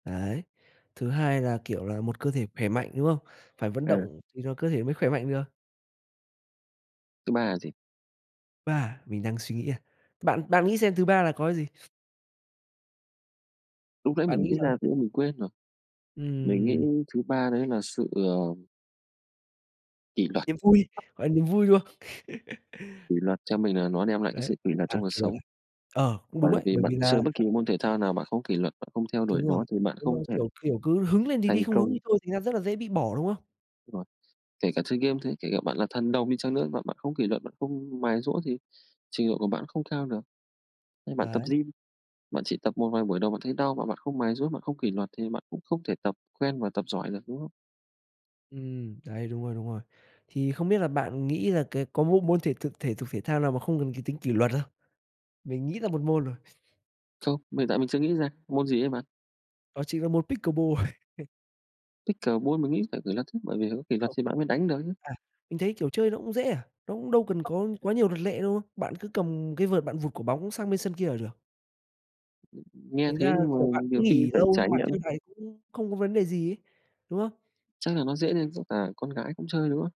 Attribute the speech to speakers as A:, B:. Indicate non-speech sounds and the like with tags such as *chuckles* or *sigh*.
A: Đấy, thứ hai là, kiểu là, một cơ thể khỏe mạnh, đúng không? Phải vận
B: Ừ.
A: động thì rồi cơ thể mới khỏe mạnh được.
B: Thứ ba là gì?
A: Ba, mình đang suy nghĩ à? Bạn bạn nghĩ xem thứ ba là có gì?
B: Lúc nãy
A: Bạn
B: mình
A: nghĩ
B: nghĩ
A: là?
B: ra, nhưng mà mình quên rồi. Mình nghĩ
A: Ừm.
B: thứ ba đấy là, sự, ờ kỷ luật.
A: Niềm vui,
B: *unintelligible*
A: gọi niềm vui, đúng không? *chuckles*
B: Kỷ luật cho mình là nó đem lại cái
A: Đấy,
B: sự kỷ luật
A: à,
B: trong cuộc
A: kỷ luật à.
B: sống.
A: Ờ, cũng đúng
B: Bởi
A: đấy,
B: vì
A: bởi
B: bạn
A: vì là
B: chơi bất kỳ môn thể thao nào bạn không có kỷ luật, bạn không theo đuổi
A: Đúng rồi,
B: nó thì bạn
A: nhưng mà,
B: không thể
A: kiểu, kiểu, cứ hứng lên thì đi,
B: thành
A: không hứng
B: công.
A: đi thôi thành ra rất là dễ bị bỏ, đúng không?
B: Rồi, kể cả chơi game thế, kể cả bạn là thần đồng đi chăng nữa, mà bạn không kỷ luật, bạn không mài giũa thì trình độ của bạn không cao được. Như bạn tập
A: Đấy.
B: gym, bạn chỉ tập một vài buổi đầu bạn thấy đau mà bạn không mài giũa, bạn không kỷ luật thì bạn cũng không thể tập quen và tập giỏi được, đúng không?
A: Ừm, đấy, đúng rồi, đúng rồi. Thì không biết là bạn nghĩ là, cái, có một môn thể thực thể dục, thể thao nào mà không cần cái tính kỷ luật không? Mình nghĩ ra một môn rồi.
B: Không, hiện tại mình chưa nghĩ ra, môn gì ấy bạn?
A: Đó chỉnh là môn pickleball. *chuckles*
B: Pickleball, mình nghĩ phải kỷ luật chứ, bởi vì có kỷ luật
A: Không.
B: thì bạn mới đánh được chứ.
A: À, mình thấy kiểu chơi nó cũng dễ à, nó cũng đâu cần có quá nhiều luật lệ đâu, bạn cứ cầm cái vợt bạn vụt quả bóng sang bên sân kia là được.
B: Nghe
A: Thành
B: thế
A: ra là,
B: nhưng mà
A: kiểu, bạn
B: nhiều
A: cũng
B: khi
A: nghỉ
B: phải
A: lâu xong
B: trải
A: bạn
B: nghiệm
A: chơi
B: ấy.
A: lại, cũng không có vấn đề gì ấy, đúng không?
B: Chắc là nó dễ nên với cả con gái cũng chơi, đúng không?